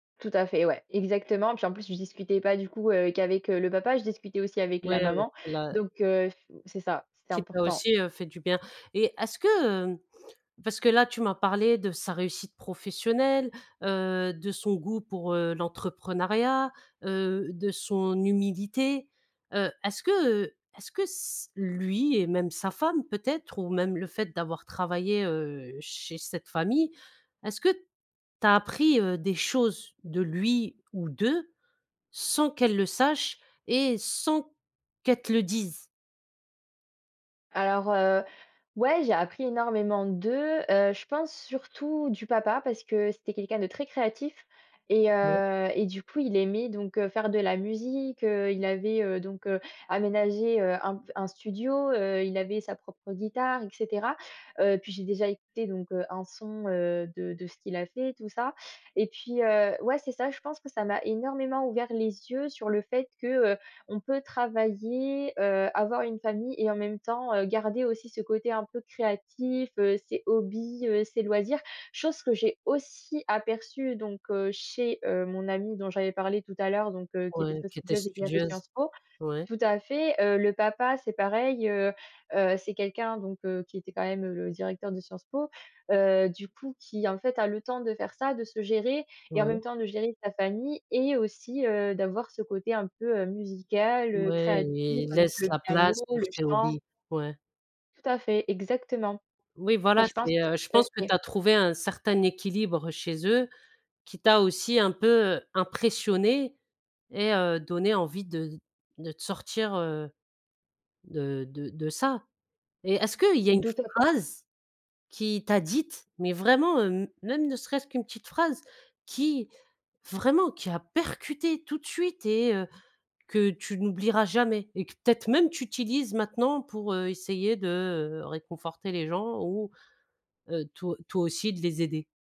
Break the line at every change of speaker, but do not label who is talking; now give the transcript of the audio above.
Tout à fait, ouais, exactement, puis en plus, je discutais pas, du coup, heu, qu'avec, heu, le papa, je discutais aussi avec la
Ouais, heu,
maman.
la
Donc, heu, f c'est ça, c'est
Qui t'a
important.
aussi, heu, fait du bien. Et est-ce que, heu, parce que là, tu m'as parlé de sa réussite professionnelle, heu, de son goût pour, heu, l'entrepreneuriat, heu, de son humilité. Heu, est-ce que, heu, est-ce que s lui et même sa femme, peut-être, ou même le fait d'avoir travaillé, heu, chez cette famille, est-ce que tu as appris, heu, des choses de lui ou d'eux sans qu'elle le sache et sans qu'elle te le dise?
Alors, heu, ouais, j'ai appris énormément d'eux, heu, je pense, surtout, du papa, parce que c'était quelqu'un de très créatif et
[unintelligible]
heu et du coup, il aimait donc, heu, faire de la musique, heu, il avait, heu, donc, heu, aménagé, heu, un pf un studio, heu, il avait sa propre guitare, et cetera. Heu, puis j'ai déjà écouté donc, heu, un son, heu, de de ce qu'il a fait, tout ça. Et puis, heu, ouais, c'est ça, je pense que ça m'a énormément ouvert les yeux sur le fait que, heu, on peut travailler, heu, avoir une famille et en même temps, heu, garder aussi ce côté un peu créatif, heu, ses hobbies, heu, ses loisirs, chose que j'ai aussi aperçue donc, heu, chez, heu, mon amie dont j'avais parlé tout à l'heure donc, heu, qui était
Ouais,
très
qui était
studieuse et qui a fait
studieuse,
Sciences Po.
ouais.
Tout à fait, heu, le papa c'est pareil, heu heu, c'est quelqu'un donc, heu, qui était quand même le directeur de Sciences Po, heu, du coup qui, en fait, a le temps de faire ça, de se gérer et, en
Ouais.
même temps, de gérer sa famille et aussi, heu, d'avoir ce côté un peu, heu, musical, heu,
Ouais,
créatif,
i il
avec
laisse
le
la
piano,
place pour
le
ses
chant.
hobbies, ouais.
Tout à fait, exactement.
Oui,
Et
voilà,
je pense
c'est, heu, je pense que tu
[unintelligible]
as trouvé un certain équilibre chez eux, qui t'a aussi un peu, heu, impressionnée et heu, donné envie de de te sortir, heu, de de de ça. Et est-ce qu'il y a une
Tout à fait.
phrase qui t'a dite, mais vraiment, hem, même ne serait-ce qu'une petite phrase qui, vraiment, qui a percuté tout de suite et, heu, que tu n'oublieras jamais et que peut-être même tu utilises maintenant pour, heu, essayer de, heu, réconforter les gens ou, heu, to toi aussi de les aider?